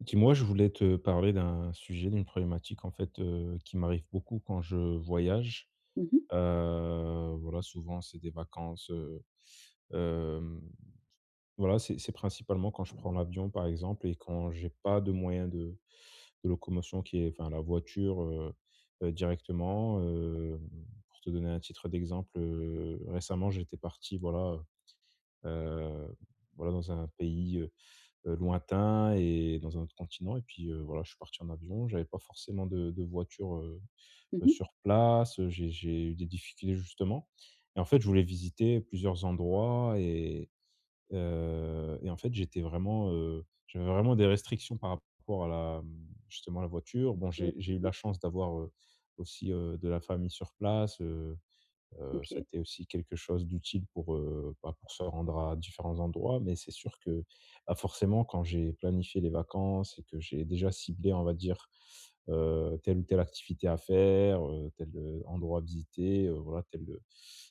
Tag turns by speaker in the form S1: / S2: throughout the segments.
S1: Dis-moi, je voulais te parler d'un sujet, d'une problématique en fait, heu, qui m'arrive beaucoup quand je voyage.
S2: Mmh mh.
S1: Heu, voilà souvent, c'est des vacances heu, hem, voilà, c'est c'est principalement quand je prends l'avion, par exemple et quand j'ai pas de moyens de de locomotion qui est enfin, la voiture, heu heu, directement. Heu, pour te donner un titre d'exemple, heu, récemment, j'étais parti voilà, heu heu, voilà, dans un pays, heu heu, lointain et dans un autre continent et puis, heu, voilà, je suis parti en avion j'avais pas forcément de de voiture, heu
S2: Mmh
S1: heu,
S2: mh.
S1: sur place j'ai j'ai eu des difficultés justement. Et en fait je voulais visiter plusieurs endroits et heu et en fait, j'étais vraiment, heu, j'avais vraiment des restrictions par rapport à la, hem, justement la voiture. Bon,
S2: Mmh.
S1: j'ai j'ai eu de la
S2: [unintelligible]
S1: chance d'avoir, heu, aussi, heu, de la famille sur place, heu heu, ça a
S2: OK.
S1: été aussi quelque chose d'utile pour, heu, bah, pour se rendre à différents endroits, mais c'est sûr que, ah, forcément quand j'ai planifié les vacances et que j'ai déjà ciblé on va dire, heu, telle ou telle activité à faire, heu, tel heu, endroit à visiter, heu, voilà tel, heu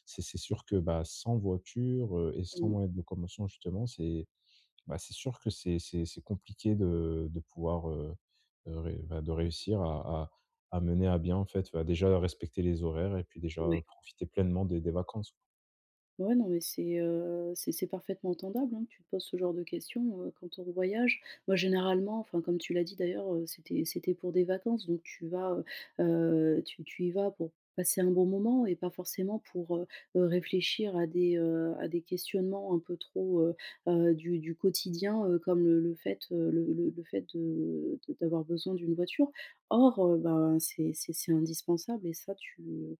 S1: c'est c'est sûr que bah, sans voiture, heu et sans
S2: Mmh.
S1: moyens de locomotion justement c'est, bah, c'est sûr que c'est c'est c'est compliqué de de pouvoir, heu heu, ré bah, de réussir à à à mener à bien en fait, bah, déjà respecter les horaires et puis déjà, heu,
S2: Ouais.
S1: profiter pleinement des des vacances.
S2: Ouais, non mais c'est, heu, c'est c'est parfaitement entendable hein, tu te poses ce genre de questions, heu, quand on voyage. Moi généralement enfin comme tu l'as dit d'ailleurs, heu, c'était c'était pour des vacances donc tu vas, heu heu, tu tu y vas pour passer un bon moment et pas forcément pour, heu heu, réfléchir à des, heu, à des questionnements un peu trop, heu heu, du du quotidien, heu, comme le le fait, heu, le le le fait de de d'avoir besoin d'une voiture. Or, heu, ben c'est c'est c'est indispensable et ça tu, heu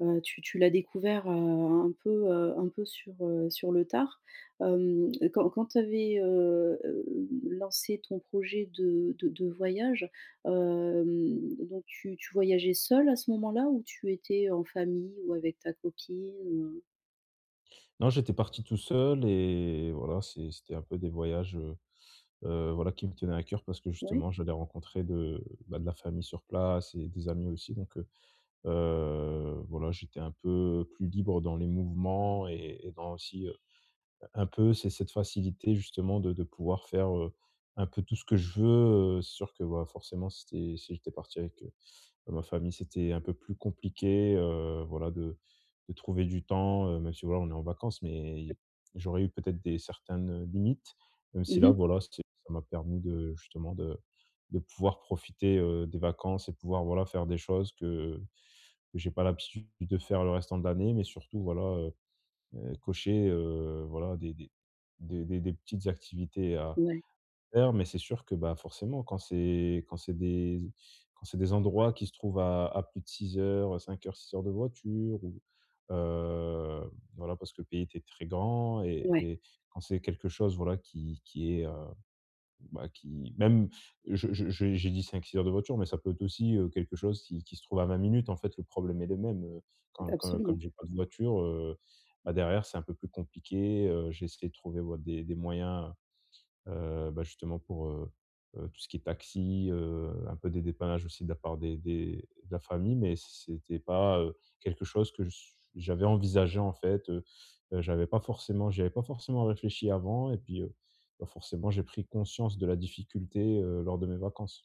S2: heu, tu tu l'as découvert, heu, un peu, heu, un peu sur, heu, sur le tard. Hem, quand quand tu avais, heu, hem, lancé ton projet de de de voyage, hem, donc tu tu voyageais seul à ce moment-là? Où tu étais, heu, en famille ou avec ta copine, heu
S1: Non, j'étais parti tout seul et voilà c'est c'était un peu des voyages, heu heu, voilà qui me tenaient à coeur parce que
S2: Ouais.
S1: justement j'allais rencontrer de bah, de la famille sur place et des amis aussi donc heu heu, voilà, j'étais un peu plus libre dans les mouvements et et dans aussi, heu heu, un peu c'est cette facilité justement de de pouvoir faire, heu, un peu tout ce que je veux. Heu, c'est sûr que bah, forcément, si tu es si j'étais parti avec, heu, bah, ma famille, c'était un peu plus compliqué, heu, voilà de de trouver du temps, heu, même si voilà, on est en vacances, mais
S2: [unintelligible]
S1: y j'aurais eu peut-être des certaines limites. Même
S2: Mmh
S1: si là,
S2: mh.
S1: voilà, c'est ça m'a permis de justement de de pouvoir profiter, heu, des vacances et pouvoir voilà, faire des choses que que j'ai pas l'habitude de faire le restant de l'année, mais surtout, voilà, heu heu, cocher, heu, voilà, des des des des des petites activités à
S2: Ouais.
S1: faire mais c'est sûr que bah, forcément quand c'est quand c'est des quand c'est des endroits qui se trouvent à à plus de 6 heures, heu, 5 heures, 6 heures de voiture où, heu, voilà, parce que le pays était très grand et
S2: Ouais.
S1: et quand c'est quelque chose voilà qui qui est, heu, bah qui même je je je j'ai dit 5-6 heures de voiture, mais ça peut être aussi, heu, quelque chose qui qui se trouve à 20 minutes, en fait, le problème est le même, heu, quand quand comme
S2: Absolument.
S1: j'ai pas de voiture, heu, bah, derrière c'est un peu plus compliqué, heu, j'ai essayé de trouver ouais, des des moyens, heu, bah, justement pour, heu heu, tout ce qui est taxi, heu, un peu des dépannages aussi de la part des des de la famille mais c'est c'était pas, heu, quelque chose que ch j'avais envisagé. En fait, heu heu, j'avais pas forcément j'y avais pas forcement réfléchi avant et puis, heu, bah, forcément j'ai pris conscience de la difficulté, heu, lors de mes vacances.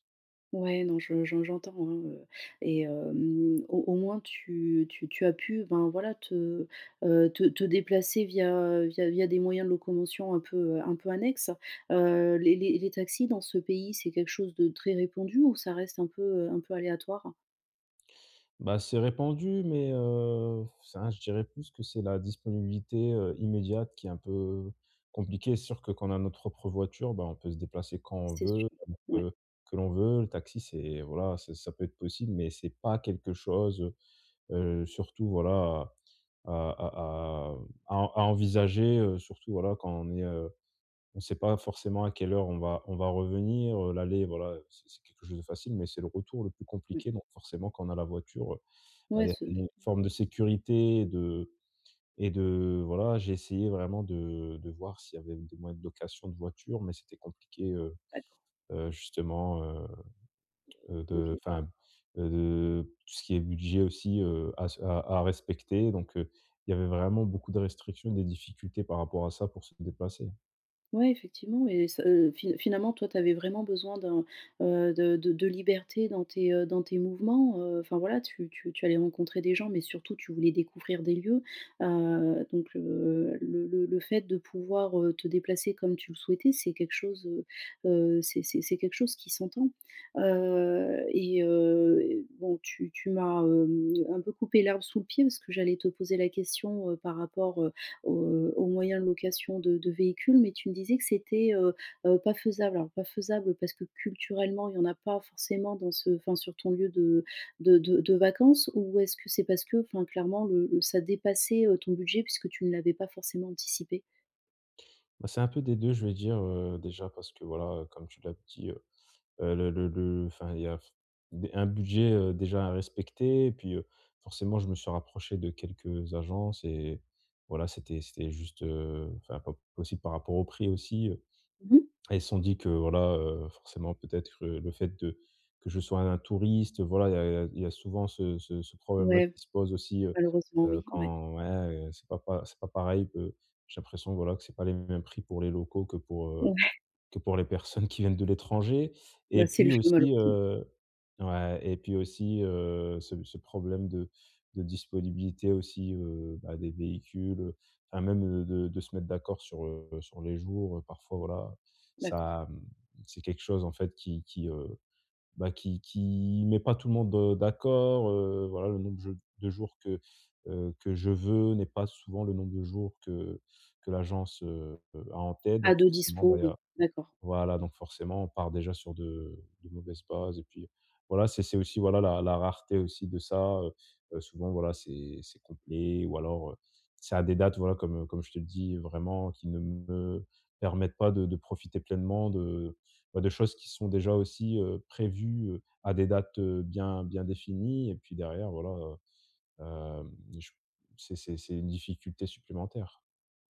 S2: Ouais, non je je j'entends hein, heu, et hem, au au moins tu tu tu as pu ben, voilà te, heu, te te déplacer via, heu, via via des moyens de locomotion un peu, heu, un peu annexes. Heu, les les les taxis dans ce pays c'est quelque chose de très répandu ou ça reste un peu, heu, un peu aléatoire?
S1: Bah, c'est répandu mais, heu, f ça je dirais plus que c'est la disponibilité, heu, immédiate qui est un peu compliquée, c'est sûr que quand on a notre propre voiture bah, on peut se déplacer quand on
S2: C'est
S1: veut,
S2: sûr,
S1: comme on
S2: ouais.
S1: veut, que l'on veut. Le taxi, c'est voilà, c'est ça peut être possible, mais c'est pas quelque chose, heu heu, surtout, voilà, à à à à à hem à à envisager, heu, surtout, voilà, quand on est heu, on sait pas forcément à quelle heure on va on va revenir, heu, l'aller, voilà, heu, c'est c'est quelque chose de facile mais c'est le retour le plus
S2: Ouais.
S1: compliqué donc forcément quand on a la voiture, heu, bah,
S2: Ouais
S1: il y a
S2: ce
S1: il
S2: s
S1: y a une forme de sécurité de et de voilà, j'ai essayé vraiment de de voir s'il y avait des moyens de location de voiture mais c'était compliqué, heu
S2: D'accord.
S1: heu, justement, heu, heu, de
S2: OK.
S1: enfin, heu, de tout ce qui est budget aussi, heu, à se à à respecter donc, heu, il y avait vraiment beaucoup de restrictions et des difficultés par rapport à ça pour se déplacer.
S2: Ouais effectivement et ce heu, fi finalement toi tu avais vraiment besoin d'un, heu, de de de liberté dans tes, heu, dans tes mouvements, heu, enfin, voilà tu tu tu allais rencontrer des gens, mais surtout tu voulais découvrir des lieux, heu, donc, heu, le le le fait de pouvoir, heu, te déplacer comme tu le souhaitais, c'est quelque chose, heu heu, c'est c'est c'est quelque chose qui s'entend. Heu, et heu, bon tu tu m'as, hem, un peu coupé l'herbe sous le pied parce que j'allais te poser la question, heu, par rapport, heu, au, heu, au moyen de location de de véhicules, mais tu me disais que c'était, heu heu, pas faisable. Alors, pas faisable parce que culturellement il y en a pas forcément dans ce enfin, sur ton lieu de de de de vacances ou est-ce que c'est parce que, enfin, clairement, le le ça dépassait, heu, ton budget puisque tu ne l'avais pas forcément anticipé?
S1: Bah c'est un peu des 2 je vais dire, heu, déjà parce que voilà, heu, comme tu l'as dit, heu heu, le le le le, enfin, il y a f b un budget, heu, déjà à respecter et puis, heu, forcément je me suis rapproché de quelques agences et voilà c'était c'était juste, heu, enfin, pas possible par rapport au prix aussi, heu,
S2: Mmh mh.
S1: elles se sont dit que voilà, heu, forcément peut-être le fait de que je sois un un touriste, voilà, il y a il y a il y a souvent ce ce ce problème-là
S2: Ouais,
S1: qui se pose aussi, heu
S2: malheureusement
S1: heu,
S2: oui, ouais.
S1: quand ouais, heu, c'est pas pa c'est pas pareil, heu, j'ai l'impression voilà, que c'est pas les mêmes prix pour les locaux que pour, heu,
S2: Ouais!
S1: que pour les personnes qui viennent de l'étranger, et
S2: Bah, c'est le
S1: puis
S2: jeu
S1: aussi,
S2: malheureusement.
S1: heu ouais, et puis aussi, heu, ce ce problème de de disponibilité aussi, heu, bah, des véhicules, heu, enfin, même, heu, de de de se mettre d'accord sur, heu, sur les jours, heu, parfois, voilà
S2: D'accord.
S1: ça, mmh, c'est quelque chose en fait qui qui, heu, bah, qui qui met pas tout le monde, heu, d'accord, heu, voilà le nombre dje de jours que, heu, que je veux n'est pas souvent le nombre de jours que que l'agence, heu heu, a en tête,
S2: Ah,
S1: donc
S2: de
S1: forcément, bah
S2: dispo?
S1: il y a
S2: Oui, d'accord.
S1: voilà, donc forcement on part déjà sur de de mauvaises bases, et puis voilà, c'est c'est aussi, voilà la la rareté aussi de ça, heu heu, souvent, voilà, c'est c'est complet ou alors, heu, ça a des dates, voilà, comme comme je te le dis, vraiment, qui ne me permettent pas de de profiter pleinement de, bah, de choses qui sont déjà aussi, heu, prévues, heu, à des dates, heu, bien bien définies. Et puis derrière, voilà, heu, hem, je c'est c'est c'est une difficulté supplémentaire.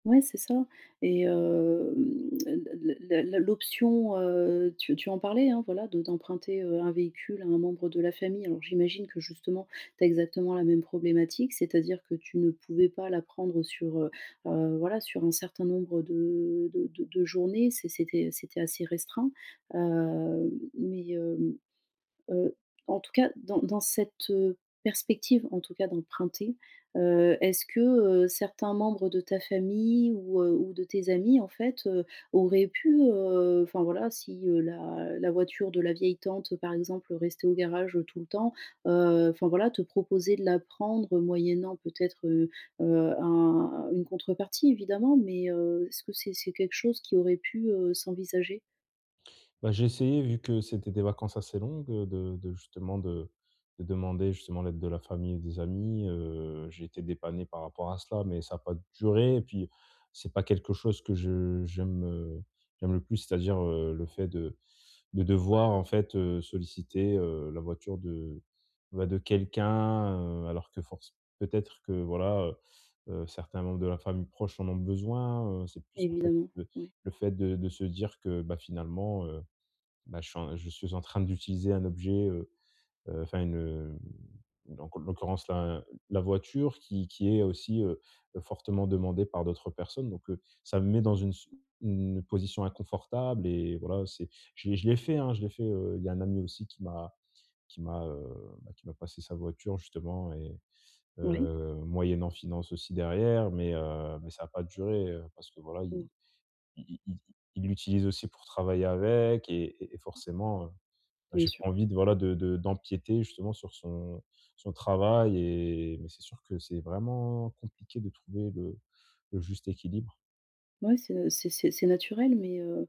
S2: Ouais, c'est ça. Et, hem, la la la la l'option, heu, tu tu en parlais, hein, voilà, de d'emprunter, heu, un véhicule à un membre de la famille, alors j'imagine que, justement, tu as exactement la même problématique, c'est-à-dire que tu ne pouvais pas la prendre sur, heu heu, voilà, sur un certain nombre de de de de journées, c'est c'était c'était assez restreint, heu, mais, hem, heu, en tout cas, dans dans cette perspective, en tout cas, d'emprunter, heu, est-ce que, heu, certains membres de ta famille ou, heu, ou de tes amis, en fait, heu, auraient pu, heu, enfin voilà, si, heu, la la voiture de la vieille tante, par exemple, restait au garage tout le temps, heu, enfin, voilà, te proposer de la prendre moyennant peut-être, heu heu, un une contrepartie, évidemment, mais, heu, est-ce que c'est c'est quelque chose qui aurait pu, heu, s'envisager?
S1: Bah, j'ai essayé, vu que c'était des vacances assez longues, heu, de de justement, de de demander, justement, l'aide de la famille et des amis, heu, j'ai été dépanné par rapport à cela, mais ça a pas duré et puis c'est pas quelque chose que je j'aime j'aime le plus, c'est-à-dire, heu, le fait de de devoir, en fait, heu, solliciter, heu, la voiture de, bah, de quelqu'un, heu, alors que force peut-être que voilà, heu, heu, certains membres de la famille proche en ont besoin, heu. C'est plus, en fait,
S2: Évidemment,
S1: le
S2: ouais.
S1: le fait de de se dire que, bah, finalement, heu, bah, je suis un je suis en train d'utiliser un objet, heu heu, enfin, une hem, donc, en l'occurrence, là, la voiture qui qui est aussi, heu heu, fortement demandée par d'autres personnes, donc, heu, ça me met dans une si une position inconfortable et voilà, c'est je l'ai je l'ai fait, hein. Je l'ai fait, heu, il y a un ami aussi qui m'a qui m'a, heu, bah, qui m'a passé sa voiture, justement, et
S2: Ouais.
S1: heu, moyennant finances aussi, derrière. Mais, heu, mais ça a pas duré, heu, parce que voilà,
S2: Mmh.
S1: i i i il l'utilise aussi pour travailler avec, et et et forcément, heu, bah,
S2: Bien
S1: j'ai
S2: sûr.
S1: pas envie de, voilà, de de d'empiéter, justement, sur son son travail et mais c'est sûr que c'est vraiment compliqué de trouver le le juste équilibre.
S2: Ouais c'est, heu, c'est c'est c'est naturel, mais heu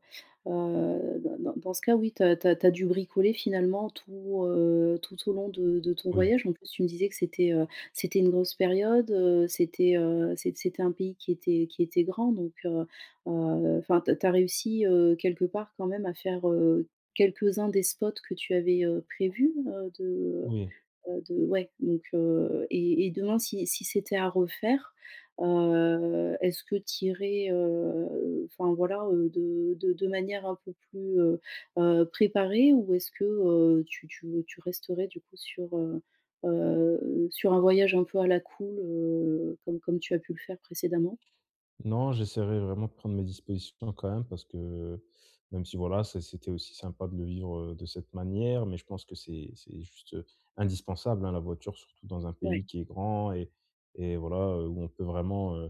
S2: heu, dans dans dans ce cas, oui, tu as tu as tu as dû bricoler, finalement, tout, heu, tout au long de de ton
S1: Oui.
S2: voyage. En plus, tu me disais que c'était, heu, c'était une grosse période, heu, c'était, heu, c'é c'était un pays qui était qui était grand donc, heu heu, enfin, tu as tu as réussi, heu, quelque part quand même à faire, heu, quelques-uns des spots que tu avais, heu, prévus? Heu, de,
S1: Oui.
S2: heu heu, de ouais. Donc heu et et demain si si c'était à refaire, heu, est-ce que tu irais, heu, enfin, voilà, heu, de de de manière un peu plus, heu heu, préparée ou est-ce que, heu, tu tu, heu, tu resterais du coup sur, heu heu, sur un voyage un peu à la cool, heu, comme comme tu as pu le faire précédemment?
S1: Non, j'essaierai vraiment de prendre mes dispositions quand même parce que, même si, voilà, ça c'était aussi sympa de le vivre, heu, de cette manière mais je pense que c'est c'est juste, heu, indispensable, hein, la voiture. Surtout dans un
S2: Ouais.
S1: pays qui est grand et et voilà, heu, où on peut vraiment, heu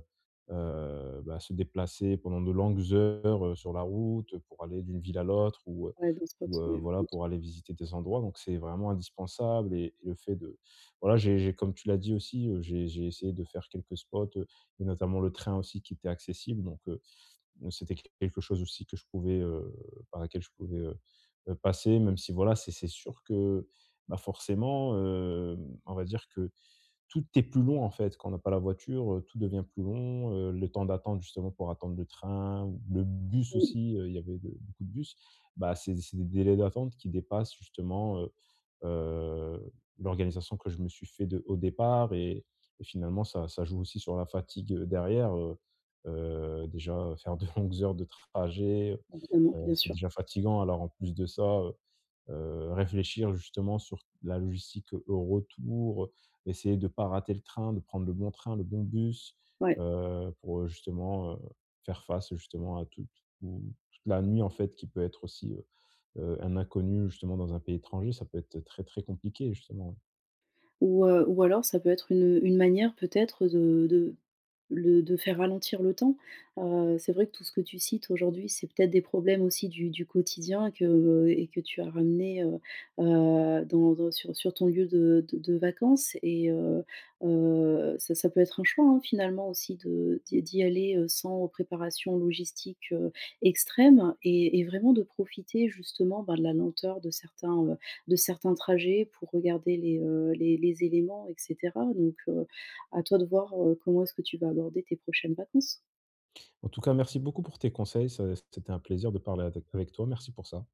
S1: heu, bah, se déplacer pendant de longues heures, heu, sur la route pour aller d'une ville à l'autre ou heu
S2: Ouais, d'autres spots,
S1: ou heu,
S2: ouais, un
S1: voilà,
S2: autre.
S1: pour aller visiter des endroits donc c'est vraiment indispensable et le fait de voilà, j'ai j'ai comme tu l'as dit aussi, heu, j'ai j'ai essayé de faire quelques spots, heu et notamment le train aussi qui était accessible donc, heu, m c'était q quelque chose aussi que je pouvais, heu, par laquelle je pouvais, heu heu, passer même si, voilà, c'est c'est sûr que, bah, forcément, hem, on va dire que tout est plus long, en fait, quand on n'a pas la voiture, heu, tout devient plus long, heu, le temps d'attendre, justement, pour attendre le train ou le bus
S2: Mmh.
S1: aussi, heu, il y avait le beaucoup de bus. Bah, c'est c'est des délais d'attente qui dépassent, justement, heu heu, l'organisation que je me suis fait de au départ et et finalement, ça ça joue aussi sur la fatigue derrière, heu heu, déjà, heu, faire de longues heures de trajet,
S2: Évidemment,
S1: heu,
S2: bien
S1: c'est
S2: sûr.
S1: déjà fatigant alors, en plus de ça, heu heu, réfléchir, justement, sur t la logistique au retour, heu, essayer de pas rater le train, de prendre le bon train, le bon bus,
S2: Ouais.
S1: heu, pour, heu, justement, heu, faire face, justement, à tout tout toute la nuit, en fait, qui peut être aussi, heu heu, un inconnu, justement, dans un pays étranger, ça peut être très, très compliqué, justement, hein.
S2: Ou heu, ou alors ça peut être une, heu, une manière peut-être de de le de faire ralentir le temps. Heu, c'est vrai que tout ce que tu cites aujourd'hui, c'est peut-être des problèmes aussi du du quotidien que, heu et que tu as ramenés, heu, heu, dans dans sur sur ton lieu de de de vacances et, heu, heu, ça ça peut être un choix, hein, finalement, aussi de d'y d'y aller, heu, sans préparation logistique, heu, extrême et et vraiment de profiter, justement, bah, de la lenteur de certains, heu, de certains trajets pour regarder les, heu, les les éléments et cetera. Donc heu, à toi de voir, heu, comment est-ce que tu vas aborder tes prochaines vacances.
S1: En tout cas, merci beaucoup pour tes conseils, ça c'était un plaisir de parler avec avec toi, merci pour ça.